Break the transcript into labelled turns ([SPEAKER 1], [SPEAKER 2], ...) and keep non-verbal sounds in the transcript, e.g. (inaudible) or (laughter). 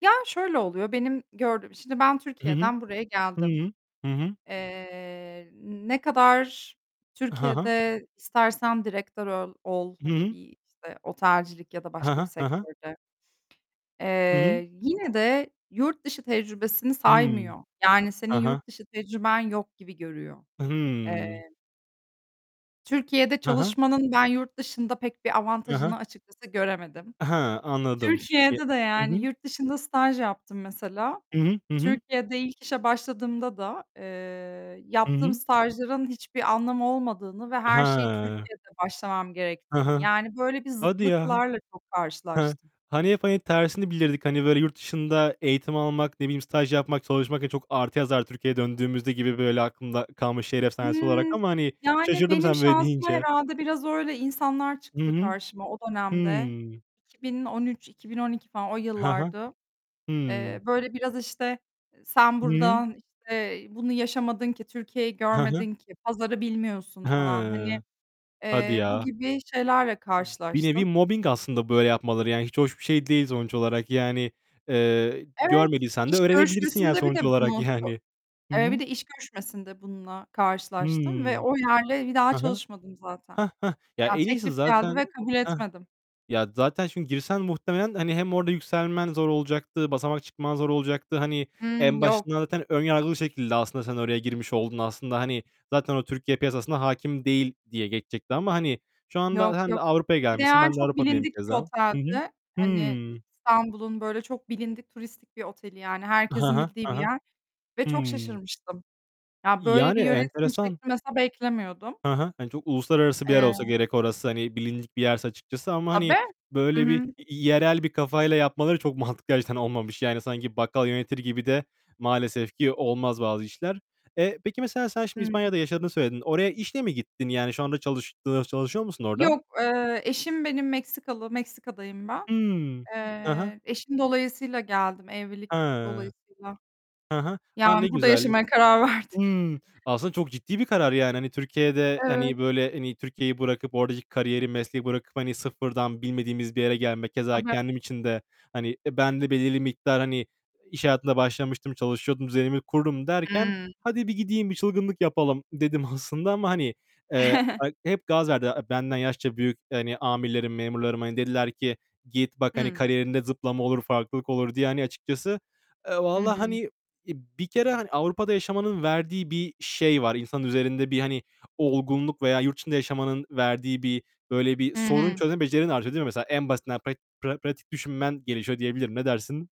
[SPEAKER 1] Ya şöyle oluyor, benim gördüğüm, şimdi ben
[SPEAKER 2] Hı hı.
[SPEAKER 1] Türkiye'den buraya geldim.
[SPEAKER 2] Hı. Hı hı.
[SPEAKER 1] Eee, ne kadar
[SPEAKER 2] Ha ha.
[SPEAKER 1] Türkiye'de istersen direktör ol ol
[SPEAKER 2] Hı
[SPEAKER 1] hani
[SPEAKER 2] hı.
[SPEAKER 1] bir işte, otelcilik ya da
[SPEAKER 2] He
[SPEAKER 1] başka
[SPEAKER 2] he,
[SPEAKER 1] bir
[SPEAKER 2] he he.
[SPEAKER 1] sektörde.
[SPEAKER 2] Hı hı.
[SPEAKER 1] Eee, yine de yurt dışı tecrübesini
[SPEAKER 2] Hıı.
[SPEAKER 1] saymıyor. Yani senin
[SPEAKER 2] Ha ha.
[SPEAKER 1] yurt dışı tecrüben yok gibi görüyor.
[SPEAKER 2] Hıı.
[SPEAKER 1] Eee Türkiye'de
[SPEAKER 2] He he.
[SPEAKER 1] çalışmanın, ben yurt dışında pek bir
[SPEAKER 2] He he.
[SPEAKER 1] avantajını açıkçası göremedim.
[SPEAKER 2] He, anladım. E
[SPEAKER 1] Türkiye'de de
[SPEAKER 2] Hı
[SPEAKER 1] yani
[SPEAKER 2] hı.
[SPEAKER 1] yurt dışında staj yaptım mesela.
[SPEAKER 2] Hı hı. Hı hı.
[SPEAKER 1] Türkiye'de ilk işe başladığımda da, eee,
[SPEAKER 2] Hı
[SPEAKER 1] yaptığım
[SPEAKER 2] hı.
[SPEAKER 1] stajların hiçbir anlamı olmadığını ve her şeye
[SPEAKER 2] He.
[SPEAKER 1] Türkiye'de başlamam
[SPEAKER 2] He
[SPEAKER 1] gerektiğini,
[SPEAKER 2] he.
[SPEAKER 1] yani böyle bir
[SPEAKER 2] Hadi ya.
[SPEAKER 1] zıtlıklarla çok
[SPEAKER 2] He,
[SPEAKER 1] karşılaştım.
[SPEAKER 2] hani hep hani tersini bilirdik. Hani böyle yurt dışında eğitim almak, ne bileyim staj yapmak, çalışmak, çok artı yazar Türkiye'ye döndüğümüzde gibi böyle aklımda kalmış şehir efsanesi olarak
[SPEAKER 1] Imm,
[SPEAKER 2] ama hani
[SPEAKER 1] yani
[SPEAKER 2] şaşırdım
[SPEAKER 1] benim
[SPEAKER 2] sen böyle
[SPEAKER 1] şansıma
[SPEAKER 2] deyince.
[SPEAKER 1] herhâlde biraz öyle insanlar
[SPEAKER 2] Hı
[SPEAKER 1] çıktı
[SPEAKER 2] hı.
[SPEAKER 1] karşıma o dönemde.
[SPEAKER 2] Hıı.
[SPEAKER 1] 2013 - 2012 falan o
[SPEAKER 2] He he.
[SPEAKER 1] yıllardı.
[SPEAKER 2] Hı.
[SPEAKER 1] Eee, böyle biraz işte "Sen
[SPEAKER 2] Hı hı.
[SPEAKER 1] buradan işte bunu yaşamadın ki, Türkiye'yi
[SPEAKER 2] He he.
[SPEAKER 1] görmedin ki, pazarı bilmiyorsun." falan
[SPEAKER 2] He.
[SPEAKER 1] hani,
[SPEAKER 2] Hadi
[SPEAKER 1] eee, bu
[SPEAKER 2] ya.
[SPEAKER 1] gibi şeylerle
[SPEAKER 2] Bir nevi
[SPEAKER 1] karşılaştım.
[SPEAKER 2] mobbing aslında böyle yapmaları, yani hiç hoş bir şey değil sonuç olarak. Yani, eee,
[SPEAKER 1] Evet,
[SPEAKER 2] görmediysen de
[SPEAKER 1] iş
[SPEAKER 2] öğrenebilirsin yani
[SPEAKER 1] görüşmesinde bir de
[SPEAKER 2] sonuç olarak
[SPEAKER 1] bunu, sö
[SPEAKER 2] yani. Hı
[SPEAKER 1] eee, bir
[SPEAKER 2] hı.
[SPEAKER 1] de iş görüşmesinde bununla
[SPEAKER 2] Hı.
[SPEAKER 1] karşılaştım ve o
[SPEAKER 2] Hı
[SPEAKER 1] yerle, bir daha
[SPEAKER 2] hı.
[SPEAKER 1] çalışmadım zaten.
[SPEAKER 2] Hah hah. Ya
[SPEAKER 1] Ya,
[SPEAKER 2] en iyisi
[SPEAKER 1] teklif geldi
[SPEAKER 2] zaten,
[SPEAKER 1] ve kabul
[SPEAKER 2] heh.
[SPEAKER 1] etmedim.
[SPEAKER 2] Ya zaten çünkü girsen muhtemelen hani hem orada yükselmen zor olacaktı. Basamak çıkman zor olacaktı. Hani
[SPEAKER 1] Hımm,
[SPEAKER 2] en
[SPEAKER 1] yok.
[SPEAKER 2] başında zaten ön yargılı bir şekilde aslında sen oraya girmiş oldun. Aslında, hani zaten o Türkiye piyasasına hâkim değil diye geçecekti ama hani şu anda
[SPEAKER 1] Yok
[SPEAKER 2] sen de
[SPEAKER 1] yok.
[SPEAKER 2] Avrupa'ya
[SPEAKER 1] Bir de
[SPEAKER 2] gelmişsin.
[SPEAKER 1] yani
[SPEAKER 2] Ben de
[SPEAKER 1] çok
[SPEAKER 2] Avrupa'dayım
[SPEAKER 1] bilindik bir
[SPEAKER 2] keza. Hı hı.
[SPEAKER 1] oteldi. Hani,
[SPEAKER 2] Hı.
[SPEAKER 1] İstanbul'un böyle çok bilindik, turistik bir oteli yani
[SPEAKER 2] Hı
[SPEAKER 1] herkesin
[SPEAKER 2] hı.
[SPEAKER 1] bildiği
[SPEAKER 2] Hı
[SPEAKER 1] bir
[SPEAKER 2] hı.
[SPEAKER 1] yer ve çok
[SPEAKER 2] Hıı.
[SPEAKER 1] şaşırmıştım. Ya, böyle
[SPEAKER 2] Yani
[SPEAKER 1] bir yönetim
[SPEAKER 2] enteresan.
[SPEAKER 1] şekli mesela beklemiyordum.
[SPEAKER 2] Hı hı. Hani çok uluslararası bir yer olsa
[SPEAKER 1] Eee
[SPEAKER 2] gerek orası. Hani bilindik bir yerse açıkçası ama
[SPEAKER 1] Tabii.
[SPEAKER 2] hani
[SPEAKER 1] Hı
[SPEAKER 2] böyle bir
[SPEAKER 1] hı.
[SPEAKER 2] yerel bir kafayla yapmaları çok mantıklı açıdan olmamış. Yani sanki bakkal yönetir gibi de maalesef ki olmaz bazı işler. Eee, peki mesela sen şimdi
[SPEAKER 1] Hı.
[SPEAKER 2] İspanya'da yaşadığını söyledin. Oraya işle mi gittin? Yani şu anda çalış çalışıyor musun orada?
[SPEAKER 1] Yok, eee, eşim benim Meksikalı. Meksika'dayım ben.
[SPEAKER 2] Hı. Hı hı.
[SPEAKER 1] Eee, eşim dolayısıyla geldim,
[SPEAKER 2] He.
[SPEAKER 1] evlilik
[SPEAKER 2] Hı
[SPEAKER 1] dolayısıyla.
[SPEAKER 2] hı. A, ne
[SPEAKER 1] Yani burada
[SPEAKER 2] güzel.
[SPEAKER 1] yaşamaya karar verdik.
[SPEAKER 2] Hıı. Aslında çok ciddi bir karar yani. Hani, Türkiye'de,
[SPEAKER 1] Evet.
[SPEAKER 2] hani böyle hani, Türkiye'yi bırakıp oradaki kariyeri, mesleği bırakıp hani sıfırdan bilmediğimiz bir yere gelmek, keza
[SPEAKER 1] Tabii.
[SPEAKER 2] kendim için de, hani, ben de belirli miktar hani iş hayatında başlamıştım, çalışıyordum, düzenimi kurdum derken,
[SPEAKER 1] Hıı.
[SPEAKER 2] hadi bir gideyim, bir çılgınlık yapalım dedim aslında ama hani, eee,
[SPEAKER 1] (chuckles)
[SPEAKER 2] hep gaz verdi, benden yaşça büyük, hani, amirlerim, memurlarım hani dediler ki git bak, hani
[SPEAKER 1] Hı.
[SPEAKER 2] kariyerinde zıplama olur, farklılık olur diye hani açıkçası. Eee,
[SPEAKER 1] Hı
[SPEAKER 2] vallahi
[SPEAKER 1] hı.
[SPEAKER 2] hani bir kere hani Avrupa'da yaşamanın verdiği bir şey var, insan üzerinde bir hani olgunluk veya yurt dışında yaşamanın verdiği bir böyle bir
[SPEAKER 1] Hı
[SPEAKER 2] sorun
[SPEAKER 1] hı.
[SPEAKER 2] çözme becerinin artıyor. Değil mi mesela? En basitinden pra pratik düşünmen gelişiyor diyebilirim, ne dersin?